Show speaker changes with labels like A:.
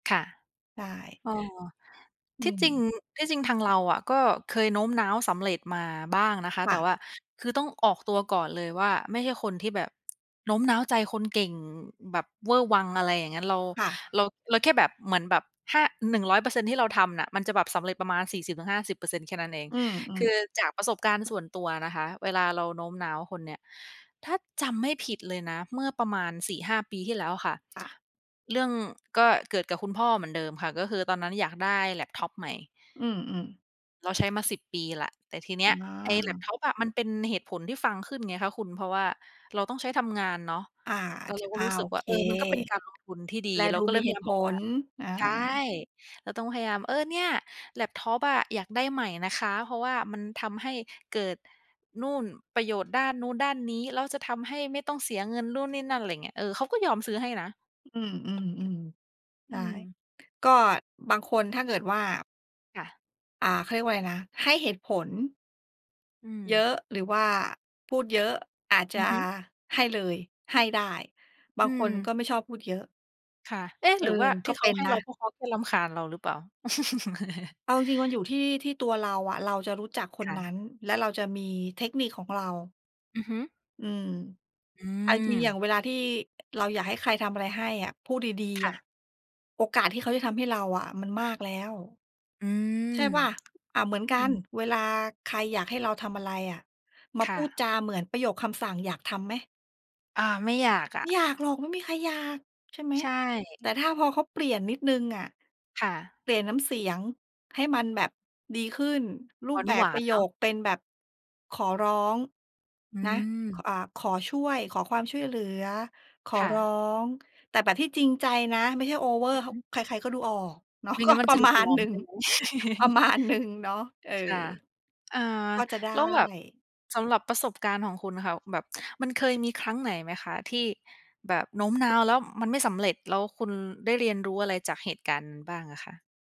A: ค่ะ
B: ใช่
A: อ๋อ
B: อื
A: ที่จริง
B: ม
A: ที่จริงทางเราอะก็เคยโน้มน้าวสำเร็จมาบ้างนะคะ
B: ค
A: แต
B: ่
A: ่
B: ะ
A: ว่าคือต้องออกตัวก่อนเลยว่าไม่ใช่คนที่แบบ โน้มน้าวใจคนเก่งแบบเวอร์วัง อะไรอย่างงั้น เรา
B: ค่ะ
A: เรา เราแค่แบบ เหมือนแบบถ้า 100% ที่เราทำน่ะมันจะแบบสำเร็จประมาณ 40-50% แค่นั้นเอง
B: อื
A: ค
B: อ
A: ื
B: ๆ
A: อจากประสบการณ์ส่วนตัวนะคะเวลาเราโน้มน้าวคนเนี่ย ถ้าจำไม่ผิดเลยนะ เมื่อประมาณ 4-5 ปีที่แล้วอะค่ะ
B: ค่ะ
A: เรื่องก็เกิดกับคุณพ่อเหมือนเดิมค่ะ ก็คือตอนนั้นอยากได้แล็ปท็อปใหม่
B: อือ ๆ
A: เรา ใช้มา 10 ปีแหละ แต่ทีน
B: อ
A: ี้ไอ้แล็ป
B: า
A: ท็อปอะมันเป็นเหตุผลที่ฟังขึ้นไงคะคุณ เพราะว่าเราต้องใช้ทำงานเนาะ
B: อา
A: แล
B: จ
A: ้วเราก
B: อ
A: ็
B: า
A: รู้ส
B: โ
A: ึ
B: อ
A: กว
B: เ
A: ่า
B: ค
A: เออ มันก็เป็นการลงทุนที่ดี
B: แล
A: เร
B: ด
A: า
B: ู
A: ก็เ
B: ม
A: ล
B: ี
A: ยพ
B: เห
A: ยา
B: ต
A: ย
B: ุ
A: าม
B: ผ
A: บอกว่า
B: ล เออ
A: ใช่ เราต้องพยายาม "เออ เนี่ยแล็ปท็อปอะอยากได้ใหม่นะคะ เพราะว่ามันทำให้เกิดนู่น ประโยชน์ด้านนู้นด้านนี้ แล้วจะทำให้ไม่ต้องเสียเงิน นู่นนี่นั่น" อะไรอย่างเงี้ย เออ เขาก็ยอมซื้อให้นะ
B: อืม ๆ ๆ ใ
A: อ
B: ช
A: ื
B: ่
A: ม
B: ก็บางคนถ้าเกิดว่า
A: ค่ะ
B: อ่า เขาเรียกว่าอะไรนะ ให้เหตุผล
A: อื
B: เย
A: ม
B: อะ หรือว่าพูดเยอะ อาจจ
A: อือ
B: ะ
A: ฮึ
B: ให้เลย ให้ได้ บ
A: อ
B: า
A: ื
B: งคนก็
A: ม
B: ไม่ชอบพูดเยอะ
A: ค่ะ เอ๊ะ
B: เอ
A: ห
B: อ
A: รือว่าท
B: ก็
A: ี่เข
B: เป
A: า
B: ็น
A: ให้
B: น
A: เรา
B: ะ
A: เพราะเขาก็รำคาญเราหรือเปล่า?
B: เอาจริง ๆ มันอยู่ที่ ที่ตัวเราอะ เราจะรู้จักค
A: ค
B: น
A: ่
B: นั
A: ะ
B: ้น และเราจะมีเทคนิคของเรา
A: อือฮึ
B: อืม
A: อื
B: เอาจริง ๆ อย่
A: ม
B: างเวลาที่ เราอยากให้ใครทำอะไรให้อะ พูดดี
A: ค
B: ๆ อ
A: ่
B: ะ
A: ะ
B: โอกาสที่เขาจะทำให้เราอะมันมากแล้ว
A: อื
B: ใช่
A: ม
B: เปล่า อา เหมือนกั
A: อื
B: น
A: อ
B: เวลาใครอยากให้เราทำอะไรอะ มา
A: ค
B: พ
A: ่
B: ูด
A: ะ
B: จาเหมือนประโยคคำสั่ง อยากทำไหม?
A: อา ไม่อยากอ
B: ไม่อย
A: ะ
B: ากหรอก ไม่มีใครอยาก ใช่ไหม
A: ใช
B: แต่
A: ่
B: ถ้าพอเขาเปลี่ยนนิดหนึ่งอะ
A: ค่ะ
B: เปลี่ยนน้ำเสียงให้มันแบบดีขึ้น รูปแบ
A: หว
B: บ
A: า
B: ปร
A: น
B: ะโ
A: ๆ
B: ย
A: เนาะ
B: คเป็นแบบขอร้อง
A: อื
B: นะ ค
A: ม
B: อ่า ขอช่วย ขอความช่วยเหลือ ขอ
A: ค่
B: ร้อ
A: ะ
B: ง แต่แบบที่จริงใจนะ ไม่ใช่โอเวอร
A: อื
B: ์
A: อฮึ
B: ข ใคร ๆ ก็ดูออก เนาะ
A: ไม่
B: ก็
A: งั้นมั
B: ป
A: น
B: ร
A: จ
B: ะ
A: ะดู
B: มา
A: ปล
B: ณ
A: อ
B: หน
A: ม
B: ึ่ง
A: ใช่ไหม?
B: ประมาณหนึ่ง เนาะ เออ
A: ค่ะ อา
B: ก็จะได้
A: แล้วแบบ สำหรับประสบการณ์ของคุณอะค่ะ แบบมันเคยมีครั้งไหนไหมคะที่แบบโน้มน้าวแล้วมันไม่สำเร็จ แล้วคุณได้เรียนรู้อะไรจากเหตุการณ์นั้นบ้างอะคะ?